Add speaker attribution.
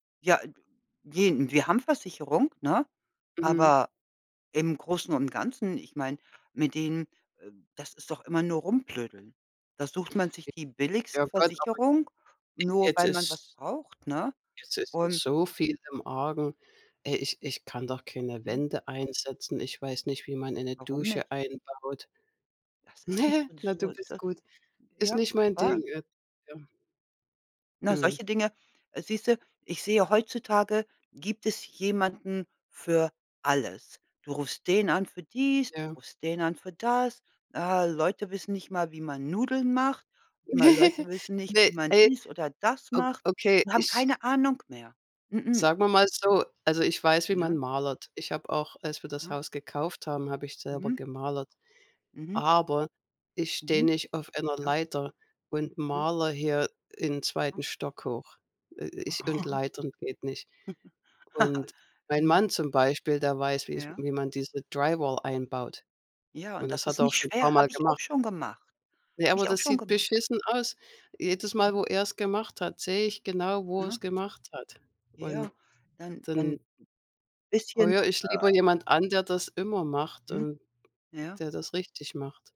Speaker 1: Ja, gehen wir haben Versicherung, ne?
Speaker 2: Mhm.
Speaker 1: Aber im Großen und Ganzen, ich meine, mit denen, äh, das ist doch immer nur rumblödeln. Da sucht man sich
Speaker 2: I
Speaker 1: die
Speaker 2: ja,
Speaker 1: billigste Versicherung,
Speaker 2: [unintelligible]
Speaker 1: nur
Speaker 2: jetzt
Speaker 1: weil man was
Speaker 2: ist
Speaker 1: braucht, ne?
Speaker 2: Jetzt ist ja
Speaker 1: Und
Speaker 2: so viel im Argen. Ey, ich ich kann doch keine
Speaker 1: Mhm.
Speaker 2: Wände einsetzen. Ich weiß nicht, wie man eine
Speaker 1: Warum
Speaker 2: Dusche
Speaker 1: nicht?
Speaker 2: einbaut.
Speaker 1: Das ist nicht
Speaker 2: Ne,
Speaker 1: so, 'n.
Speaker 2: na du bist
Speaker 1: [unintelligible]
Speaker 2: gut. Ist
Speaker 1: Ja,
Speaker 2: nicht mein
Speaker 1: wahr.
Speaker 2: Ding, äh ja.
Speaker 1: Na
Speaker 2: Mhm.
Speaker 1: solche Dinge äh, siehst du ich sehe heutzutage gibt es jemanden für alles. Du rufst den an für dies, du
Speaker 2: Ja.
Speaker 1: rufst den an für das. Äh, Leute wissen nicht mal, wie man Nudeln macht, Leute wissen nicht,
Speaker 2: Ne,
Speaker 1: wie man
Speaker 2: ne.
Speaker 1: dies oder das
Speaker 2: O
Speaker 1: macht,
Speaker 2: Okay,
Speaker 1: die haben
Speaker 2: ich
Speaker 1: keine Ahnung mehr. Mh-mh.
Speaker 2: Sagen wir mal so, also, ich weiß, wie man
Speaker 1: Ja.
Speaker 2: malert. Ich habe auch als wir das
Speaker 1: Aha.
Speaker 2: Haus gekauft haben, habe ich selber
Speaker 1: Mhm.
Speaker 2: gemalert,
Speaker 1: Mhm.
Speaker 2: aber ich stehe
Speaker 1: Mhm.
Speaker 2: nicht auf einer
Speaker 1: Ja.
Speaker 2: Leiter und
Speaker 1: Mhm.
Speaker 2: malere hier in
Speaker 1: Aha.
Speaker 2: 2. Stock hoch. Äh, äh, ich und Leitern geht nicht. Und mein
Speaker 1: Mhm.
Speaker 2: Mann zum Beispiel, der weiß, wie's
Speaker 1: Ja.
Speaker 2: wie man diese Dry Wall einbaut.
Speaker 1: Ja,
Speaker 2: Und
Speaker 1: und das
Speaker 2: das hat
Speaker 1: ist
Speaker 2: er auch
Speaker 1: nicht
Speaker 2: schon
Speaker 1: schwer,
Speaker 2: paarmal
Speaker 1: habe ich auch
Speaker 2: gemacht.
Speaker 1: schon gemacht,
Speaker 2: Ja,
Speaker 1: habe
Speaker 2: aber
Speaker 1: ich auch
Speaker 2: das
Speaker 1: schon
Speaker 2: sieht
Speaker 1: gem
Speaker 2: beschissen aus. Jedes Mal,
Speaker 1: Mhm.
Speaker 2: wo er's gemacht hat, sehe ich genau, wo er's
Speaker 1: Ja.
Speaker 2: gemacht hat. Und
Speaker 1: Ja, dann dann
Speaker 2: dann
Speaker 1: bisschen,
Speaker 2: heuere ich lieber
Speaker 1: äh
Speaker 2: jemand an, der das immer macht
Speaker 1: Mhm,
Speaker 2: und,
Speaker 1: ja.
Speaker 2: der das richtig macht.